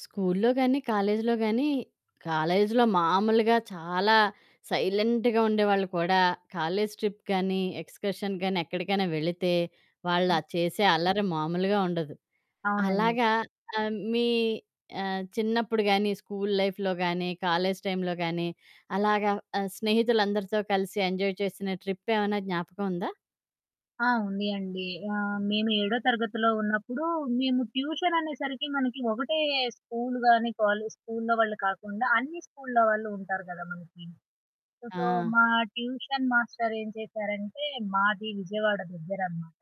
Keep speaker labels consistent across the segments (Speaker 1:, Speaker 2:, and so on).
Speaker 1: స్కూల్లో గానీ, కాలేజీలో గానీ కాలేజీలో మామూలుగా చాలా సైలెంట్‌గా ఉండేవాళ్ళు కూడా కాలేజీ ట్రిప్ గానీ, ఎక్స్కర్షన్ గానీ, ఎక్కడికైనా వెళితే వాళ్ళు
Speaker 2: ఆ!
Speaker 1: ఆహ్, చేసే అల్లరి మామూలుగా ఉండదు.
Speaker 2: అవునండి.
Speaker 1: అలాగా ఆహ్, మీ ఆహ్, చిన్నప్పుడు గాని, స్కూలు లైఫ్‌లో గానీ, కాలేజీ టైంలో గానీ, అలాగా ఆహ్, స్నేహితులందరితో కలిసి ఎంజాయ్ చేసిన ట్రిప్ ఏవన్నా జ్ఞాపకముందా?
Speaker 2: ఆ! ఉంది అండి. ఆహ్, మేము ఏడో తరగతిలో ఉన్నప్పుడు, మేము ట్యూషన్ అనేసరికి మనకి ఒకటే స్కూలు గాని కాలేజు స్కూల్లో వాళ్ళు కాకుండా అన్ని స్కూల్లో వాళ్ళు ఉంటారు గదా! మనకి. సో,
Speaker 1: ఆ!
Speaker 2: మా ట్యూషన్ మాస్టరేం చేశారంటే, మాది విజయవాడ దగ్గరనమాట.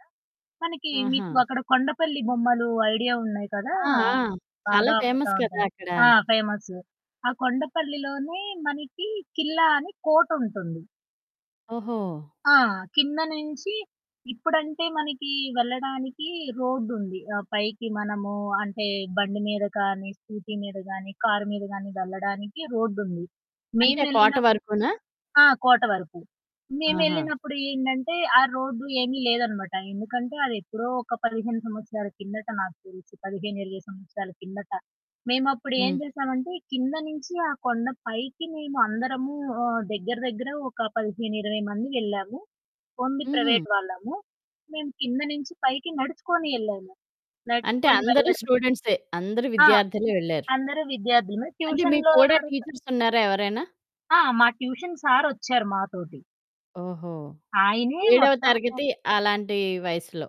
Speaker 2: మనకి మీకు
Speaker 1: ఆహా!
Speaker 2: అక్కడ కొండపల్లి బొమ్మలు ఐడియా ఉన్నాయి కదా!
Speaker 1: ఆ! ఆ!
Speaker 2: ఆహ్,
Speaker 1: చాలా
Speaker 2: బాగా అమ్ముతా
Speaker 1: ఫేమస్ కదా!
Speaker 2: ఉంటారు.
Speaker 1: అక్కడ.
Speaker 2: ఆ! ఫేమస్ ఆ! కొండపల్లిలోనే మనకి కిల్లా అని కోటుంటుంది.
Speaker 1: ఓహో!
Speaker 2: ఆ! కింద నుంచి ఇప్పుడంటే మనకి వెళ్ళడానికి రోడ్డుంది. ఆహ్, పైకి మనము అంటే బండి మీద కానీ, స్కూటీ మీద గాని, కారు మీద గాని వెళ్లడానికి రోడ్డుంది.
Speaker 1: అంటే కోట
Speaker 2: మేమేళ్ళినప్పు
Speaker 1: వరకునా.
Speaker 2: ఆ! కోట వరకు
Speaker 1: ఆహా!
Speaker 2: మేమేళ్ళినప్పుడు ఏంటంటే ఆ రోడ్డు ఏమీ లేదనమాట, ఎందుకంటే అదెప్పుడో ఒక 15 సంవత్సరాల కిందట నాకు తెలిసి 15, 20 సంవత్సరాల కిందట, మేమప్పుడు ఏం
Speaker 1: హ్మ్.
Speaker 2: చేసామంటే కింద నుంచి ఆ కొండ పైకి మేము అందరము ఆహ్, దగ్గర, దగ్గర, ఒక 15, 20 మంది వెళ్ళాము. ఓన్లీ
Speaker 1: హుహు.
Speaker 2: ప్రైవేట్ వాళ్ళము. మేము కింద నుంచి పైకి నడుచుకొని యెళ్ళాము.
Speaker 1: అంటే
Speaker 2: నడుచుకొని
Speaker 1: అందరూ
Speaker 2: వెళ్ళడం
Speaker 1: స్టూడెంట్సే అందరూ
Speaker 2: ఆ!
Speaker 1: విద్యార్థులే వెళ్లారు.
Speaker 2: అందరూ విద్యార్థులుమే.
Speaker 1: అంటే మీకు
Speaker 2: ట్యూషన్‌లో
Speaker 1: కూడా
Speaker 2: ఎవరుతో
Speaker 1: టీచర్స్ ఉన్నారా ఎవరైనా?
Speaker 2: ఆ! మా ట్యూషన్ సారొచ్చారు మాతోటి.
Speaker 1: ఓహో!
Speaker 2: ఆయనే
Speaker 1: ఏడవ
Speaker 2: మొత్తము
Speaker 1: తరగతి అలాంటి వయసులో.